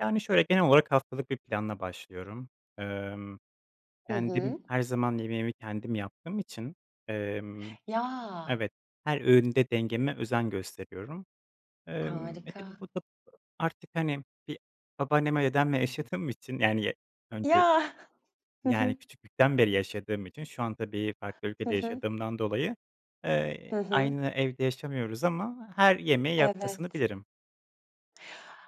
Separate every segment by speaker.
Speaker 1: Yani şöyle genel olarak haftalık bir planla başlıyorum. Emm,
Speaker 2: Hı
Speaker 1: kendim
Speaker 2: hı.
Speaker 1: her zaman yemeğimi kendim yaptığım için, emm
Speaker 2: Ya!
Speaker 1: Evet, her öğünde dengeme özen gösteriyorum. Emm, e, tabii,
Speaker 2: Harika.
Speaker 1: bu da artık hani bir babaannem ve dedemle yaşadığım için yani ya önce
Speaker 2: Ya. Hı
Speaker 1: Yani
Speaker 2: hı.
Speaker 1: küçüklükten beri yaşadığım için şu an, tabii, farklı
Speaker 2: Hı
Speaker 1: ülkede
Speaker 2: hı.
Speaker 1: yaşadığımdan dolayı, eee,
Speaker 2: Hı hı.
Speaker 1: aynı evde yaşamıyoruz ama her yemeği yapmasını
Speaker 2: Evet.
Speaker 1: bilirim.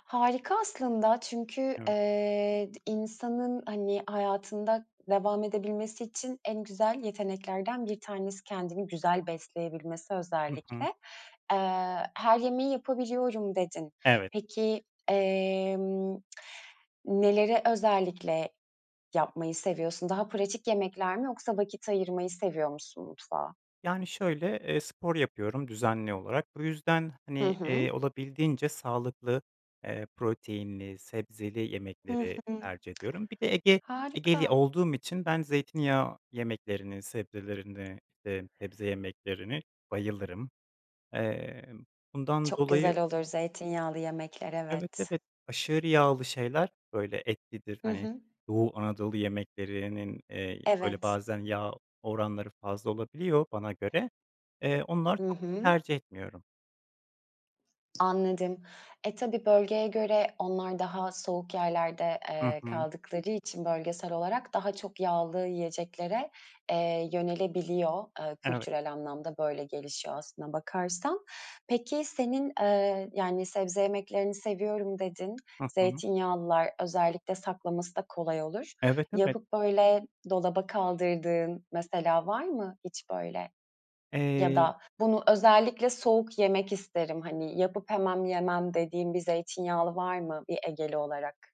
Speaker 2: Harika aslında çünkü,
Speaker 1: Evet.
Speaker 2: eee, d insanın hani hayatında devam edebilmesi için en güzel yeteneklerden 1 tanesi kendini güzel besleyebilmesi
Speaker 1: Hı
Speaker 2: özellikle.
Speaker 1: hı.
Speaker 2: Eee, "her yemeği yapabiliyorum" dedin.
Speaker 1: Evet.
Speaker 2: Peki, emm, neleri özellikle yapmayı seviyorsun? Daha pratik yemekler mi yoksa vakit ayırmayı seviyor musun mutfağa?
Speaker 1: Yani şöyle: Eee, spor yapıyorum düzenli olarak bu yüzden
Speaker 2: Hı
Speaker 1: hani,
Speaker 2: hı.
Speaker 1: eee, olabildiğince sağlıklı, eee, proteinli, sebzeli
Speaker 2: Hı
Speaker 1: yemekleri
Speaker 2: hı.
Speaker 1: tercih ediyorum. Bir de Ege Ege'li
Speaker 2: Harika.
Speaker 1: olduğum için ben zeytinyağı yemeklerini sebzelerini, eee, sebze yemeklerini bayılırım. Eee, bundan
Speaker 2: Çok
Speaker 1: dolayı
Speaker 2: güzel olur zeytinyağlı yemekler,
Speaker 1: Evet,
Speaker 2: evet.
Speaker 1: evet aşırı yağlı şeyler, böyle, etlidir
Speaker 2: Hı
Speaker 1: hani
Speaker 2: hı.
Speaker 1: Doğu Anadolu yemeklerinin, eee, böyle
Speaker 2: Evet.
Speaker 1: bazen yağ oranları fazla olabiliyor bana göre. Eee, onlar
Speaker 2: I
Speaker 1: çok
Speaker 2: hı.
Speaker 1: tercih etmiyorum.
Speaker 2: Anladım. E, tabii, bölgeye göre onlar daha soğuk yerlerde,
Speaker 1: Hı
Speaker 2: eee,
Speaker 1: hı.
Speaker 2: kaldıkları için bölgesel olarak daha çok yağlı yiyeceklere, eee, yönelebiliyor, eee,
Speaker 1: Evet.
Speaker 2: kültürel anlamda böyle gelişiyor aslına bakarsan. Peki senin, eee, yani sebze yemeklerini seviyorum dedin.
Speaker 1: Hı hı.
Speaker 2: Zeytinyağlılar özellikle saklaması da kolay olur.
Speaker 1: Evet, evet.
Speaker 2: Yapıp, böyle, dolaba kaldırdığın mesela var mı hiç, böyle, ya
Speaker 1: Eee
Speaker 2: da bunu özellikle soğuk yemek isterim hani yapıp hemen yemem dediğin bir zeytinyağlı var mı bir egeli olarak?